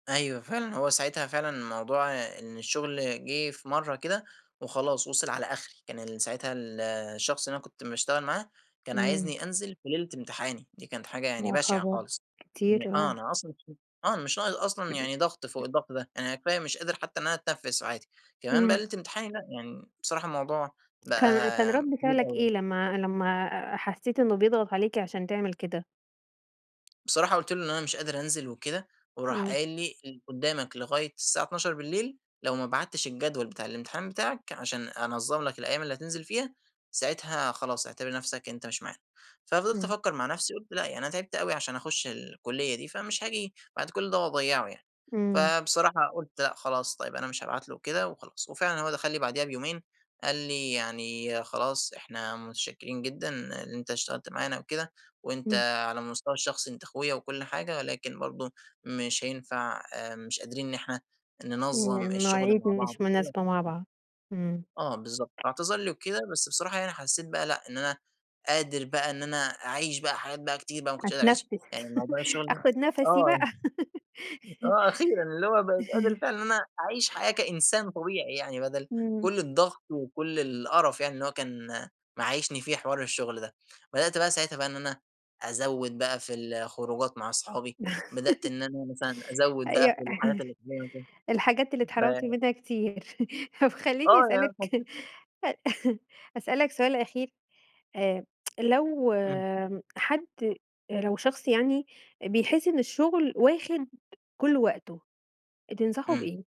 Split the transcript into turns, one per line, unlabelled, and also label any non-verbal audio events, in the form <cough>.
أيوه فعلًا هو ساعتها فعلًا موضوع إن الشغل جه في مَرّة كده، وخلاص وصل على أخري، كان ال ساعتها الشخص اللي أنا كنت مشتغل معاه، كان
إمم.
عايزني أنزل في ليلة امتحاني، دي كانت حاجة يعني
يا
بشعة
خبر!
خالص، يعني
كتير
آه
آه.
أنا أصلًا <unintelligible> آه مش ناقص أصلًا يعني ضغط فوق الضغط ده، أنا كفاية مش قادر حتّى إن أنا أتنفّس عادي، كمان بقى
إمم.
ليلة امتحاني لأ، يعني بصراحة الموضوع بقى
كان كان رد
كتير
فعلك
أوي
إيه
يعني.
لمّا لمّا حسّيت إنه بيضغط عليك عشان تعمل كده؟
بصراحة قُلت له إن أنا مش قادر أنزل وكده، وراح
إمم.
قايل لي <unintelligible> قدّامك لغاية الساعة 00:00 لو ما بعتّش الجدول بتاع الامتحان بتاعك عشان أنظّم لك الأيام اللي هتنزل فيها، ساعتها خلاص اعتبر نفْسك أنت مش معانا، ففضلت
إمم.
أفكّر مع نفْسي، قُلت لأ يعني أنا تعبت أوي عشان أخش الكلية دي فمش هاجي بعد كلّ ده وأضيّعه يعني،
إمم.
فبصراحة قُلت لأ خلاص طيب أنا مش هابعت له كده وخلاص، وفعلًا هو دخل لي بعديها بيومين، قال لي يعني خلاص إحنا متشكرين جدًا إن أنت اشتغلت معانا وكده، وأنت
إمم.
على المستوى الشخصي أنت أخويا وكلّ حاجة ولكن برضه، مش هينفع آآ مش قادرين إن إحنا
إمم،
ننظّم الشغل
المواعيد
مع بعض
مش مناسبة
وكده.
مع بعض، إمم.
آه بالضبط، اعتذر لي وكده بس بصراحة يعني حسّيت بقى لأ إن أنا، قادر بقى إن أنا أعيش بقى حاجات بقى كتير بقى ما كنتش قادر أعيشها،
أتنفّس،
يعني موضوع
<laughs>
الشغل ده
آخد نفَسي
آه
بقى.
<unintelligible>
<laughs>
آه أخيرًا اللي هو بقيت قادر
<laughs>
فعلًا إن أنا أعيش حياة كإنسان طبيعي يعني، بدل
إمم.
كلّ الضغط وكلّ القَرَف يعني اللي هو كان معيشني فيه حوار الشغل ده، بدأت بقى ساعتها بقى إن أنا أزوّد بقى في الخروجات مع أصحابي، بدأت
<laughs>
إن أنا مثلًا أزوّد بقى
أيوه،
في الحاجات اللي <unintelligible>
<chuckles> الحاجات اللي
ف
اتحرمت منها كتير، <chuckles> طب خلّيني
آه
أسألك
يعني حسّيت
<chuckles> أسألك سؤال أخير، آآ، <tsk> لو
إمم.
حد، لو شخص يعني بيحس إن الشغل واخد كلّ وقته، تنصحه
إمم.
بإيه؟